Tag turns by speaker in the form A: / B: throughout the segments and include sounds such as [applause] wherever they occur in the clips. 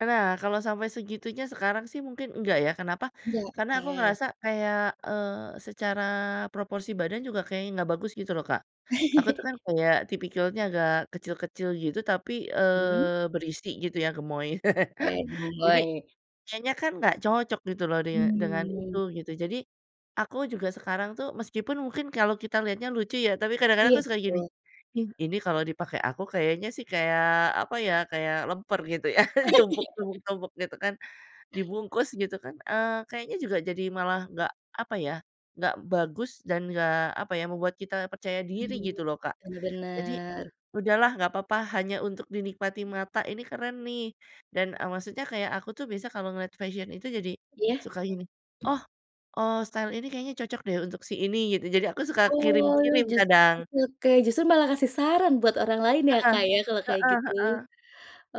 A: E nah, kalau sampai segitunya sekarang sih mungkin enggak ya, kenapa?
B: Iya,
A: Karena aku
B: oke.
A: ngerasa kayak, eee, secara proporsi badan juga kayaknya enggak bagus gitu loh, Kak. Aku tuh kan
B: [chuckles]
A: kayak tipikalnya agak kecil-kecil gitu, tapi,
B: Hmm.
A: eee, berisi gitu ya, gemoy.
B: Oke,
A: [chuckles] Jadi,
B: gemoy.
A: kayaknya kan nggak cocok gitu loh, dinge dengan itu
B: Hmm.
A: gitu. Jadi, aku juga sekarang tuh, meskipun mungkin kalau kita lihatnya lucu ya, tapi kadang-kadang
B: Iya,
A: aku suka gini,
B: betul.
A: "in ini kalau dipakai aku, kayaknya sih, kayak apa ya, kayak lemper" gitu ya,
B: [chuckles]
A: tumpuk
B: [unintelligible]
A: tumpuk tumpuk gitu kan, dibungkus gitu kan, eee, kayaknya juga jadi malah nggak apa ya, nggak bagus dan nggak apa ya, membuat kita percaya diri
B: Hmm,
A: gitu loh, Kak.
B: benar
A: Jadi
B: benar.
A: udahlah nggak papa, hanya untuk dinikmati mata, ini keren nih. Dan, eee, maksudnya kayak aku tuh bisa kalau ngeliat fashion itu jadi
B: Iya.
A: suka gini, "Oh, eee, style ini kayaknya cocok deh, untuk si ini," gitu. Jadi aku suka
B: Oh,
A: kirim-kirim
B: justru
A: kadang.
B: [unintelligible] justru malah kasih saran buat orang lain ya,
A: Heeh,
B: Kak, ya, kalo kayak
A: heeh
B: gitu.
A: heeh,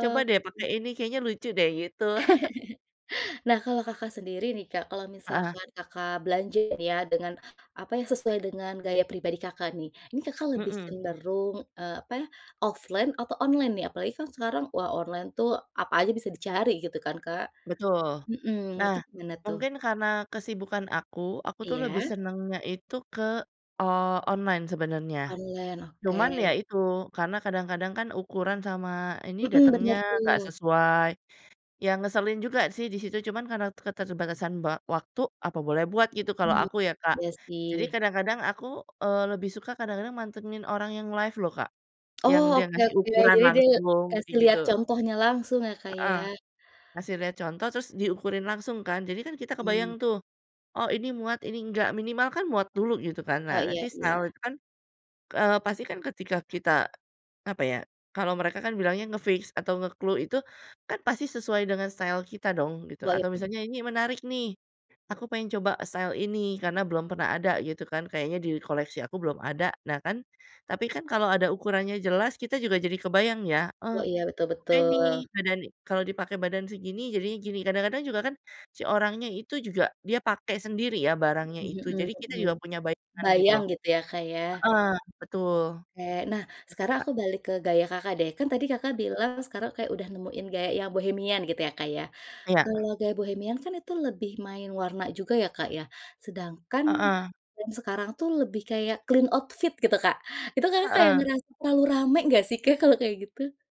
A: "Coba deh
B: mhm.
A: pakai ini, kayaknya lucu deh," gitu. [chuckles]
B: [chuckles] Nah, kalau Kakak sendiri nih, Kak, kalau
A: Heeh.
B: misalkan Kakak belanja nih ya, dengan apa yang sesuai dengan gaya pribadi Kakak nih. Ini Kakak lebih
A: Mhm.
B: cenderung, eee, apa ya, offline atau online nih? Apalagi kan sekarang, wah online tuh, apa aja bisa dicari gitu kan, Kak.
A: Betul.
B: Mhm,
A: Nah,
B: itu gimana tuh?
A: mungkin karena kesibukan aku, aku tuh lebih
B: Iya.
A: senengnya itu ke o online sebenarnya.
B: Online, oke.
A: Cuman ya itu, karena kadang-kadang kan ukuran sama ini
B: Mhm,
A: datengnya
B: benar
A: nggak
B: tuh.
A: sesuai. Ya ngeselin juga sih di situ, cuman karena keterbatasan ba waktu, apa boleh buat gitu, kalau
B: Mmm,
A: aku ya, Kak.
B: iya
A: Jadi
B: sih.
A: kadang-kadang aku, eee, lebih suka kadang-kadang mantengin orang yang live loh, Kak, yang
B: Oh,
A: dia
B: oke
A: ngasih
B: oke,
A: ukuran
B: jadi dia
A: langsung,
B: kasih
A: kayak gitu.
B: lihat contohnya langsung ya, Kak,
A: Heeh,
B: ya.
A: kasih lihat contoh, terus diukurin langsung kan, jadi kan kita
B: Mmm.
A: kebayang tuh. Oh, ini muat, ini nggak, minimal kan muat dulu gitu kan.
B: Oh,
A: Nah,
B: iya
A: nanti style
B: iya.
A: itu kan, eee, pasti kan ketika kita apa ya, kalau mereka kan bilangnya nge-fix atau nge-clue itu kan pasti sesuai dengan style kita dong gitu,
B: Wah, iya.
A: atau misalnya ini menarik nih, aku pengen coba style ini, karena belum pernah ada gitu kan, kayaknya di koleksi aku belum ada. Nah kan, tapi kan kalau ada ukurannya jelas, kita juga jadi kebayang ya, eh
B: Wah iya, betul
A: oke nih,
B: betul.
A: badan ni kalau dipakai badan segini, jadinya gini. Kadang-kadang juga kan, si orangnya itu juga dia pakai sendiri ya, barangnya
B: Mmm,
A: itu.
B: mhm
A: Jadi kita
B: mhm.
A: juga punya bayangan gitu
B: Bayang
A: loh.
B: gitu ya, Kak, ya?
A: Heeh, betul,
B: Oke. Nah,
A: terus
B: sekarang
A: Kak
B: aku balik ke gaya Kakak deh, kan tadi Kakak
A: [unintelligible]
B: bilang sekarang kayak udah nemuin gaya yang bohemian gitu ya, Kak, ya?
A: Iya.
B: Kalau gaya bohemian kan itu lebih main warna juga ya, Kak, ya. Sedangkan
A: Heeh.
B: brand sekarang tuh lebih kayak clean outfit gitu, Kak. Itu Kakak kayak
A: Heeh.
B: ngerasa terlalu rame nggak sih, Kak, kalau kayak gitu?